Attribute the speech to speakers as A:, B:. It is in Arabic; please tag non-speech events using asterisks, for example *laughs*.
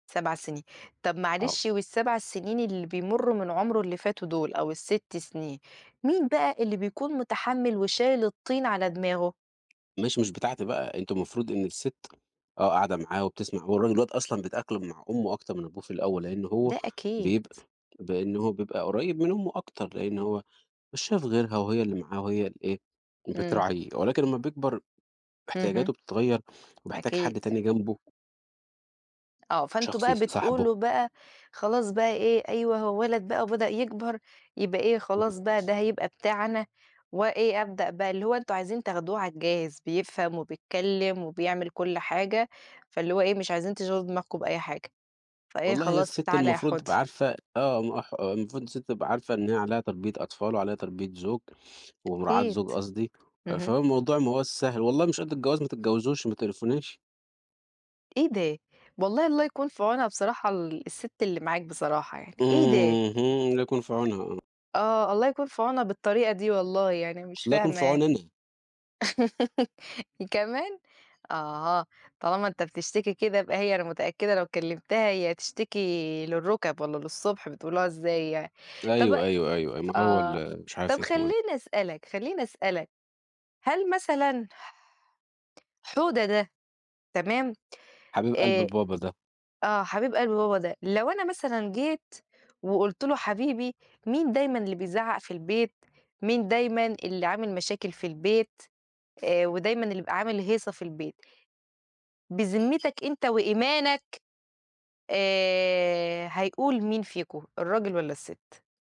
A: 7 سنين طَب
B: آه.
A: معلش وال7 سنين اللي بيمرّوا من عُمره اللي فاتوا دُول أو ال6 سنين مين بقى اللي بيكُون متحمل وشايل الطين على دماغه؟
B: ماشي مش بتاعتي بقى، أنتم المفروض إن السِت آه، قاعدة معاه وبتسمَع وهو الراج الواد دلوقتي أصلًا بيتأقلم مع أُمه أكتر من أبوه في الأول، لإن هو
A: ده أكيد.
B: بيبقى لإن هو بيبقى قُريب من أُمه أكتر، لإن هو مش شايف غِيرها وهي اللي معاه وهي اللي إيه
A: إمم.
B: بتراعيه، ولكن لمّا بيكْبر
A: اهم.
B: احتياجاته بتتغير وبيحتاج
A: أكيد.
B: حد تاني جنبه.
A: آه، فأنتم
B: شخص
A: بقى
B: يصاحبه.
A: بتقولوا بقى، خلاص بقى إيه أيوه هو وَلَد بقى وبدأ يكَبر يبقى إيه
B: اهم.
A: خلاص بقى ده هيبقى بتاعنا، وإيه أبدأ بقى اللي هو أنتم عايزين تاخدوه على الجاهز بيفْهم وبيتكلم وبيعمل كُلّ حاجة، فاللي هو إيه مش عايزين تشغِلوا دماغكم بأي حاجة. فإيه
B: والله هي
A: خلاص
B: السِت
A: تعال يا
B: المفروض
A: حوده.
B: تبقى عارفة آه، م ح المفروض السِت تبقى عارفة إن هي عليها تربية أطفال وعليها تربية زُوج ومراعاة
A: أكيد،
B: زُوج قصدي،
A: اهم.
B: فهو الموضوع ما هواش سهْل، والله مش قد الجواز ما تتجاوزوش ما تقريفوناش.
A: إيه ده! والله الله يكُون في عُونها بصراحة ال السِت اللي معاك بصراحة يعني،
B: إمم،
A: إيه ده!
B: اهم، الله يكُون في عونها، آه.
A: آه الله يكُون في عونها بالطريقة دي والله يعني، أنا مش
B: الله يكُون في
A: فاهمة.
B: عُوني أنا.
A: *laughs* كمان! آه، طالما أنت بتشتكي كده يبقى هي أنا متأكدة لو كلمتها هي تشتكي للرُكب والّا للصبح بتقولوها إزاي يعني، طَب
B: أيوه، أيوه، أيوه، أيوه، ما هو
A: آه
B: ال مش عارف
A: طَب
B: اسمه إيه.
A: خلّيني أسألك خلّيني أسألك، هل مثلًا ح حوده ده تمام؟
B: حبيب قلبْ
A: آآ،
B: بابا ده.
A: آه، حبيب قلبْ بابا ده، لو أنا مثلًا جيت وقُلت له حبيبي مين دايمًا اللي بيزعق في البيت؟ مين دايمًا اللي عامل مشاكل في البيت؟ آآ، ودايمًا اللي بيبقى عامل هيصة في البيت؟ بذمتك أنت وإيمانك آآ، هيقول مين فيكم الراجل والّا السِت؟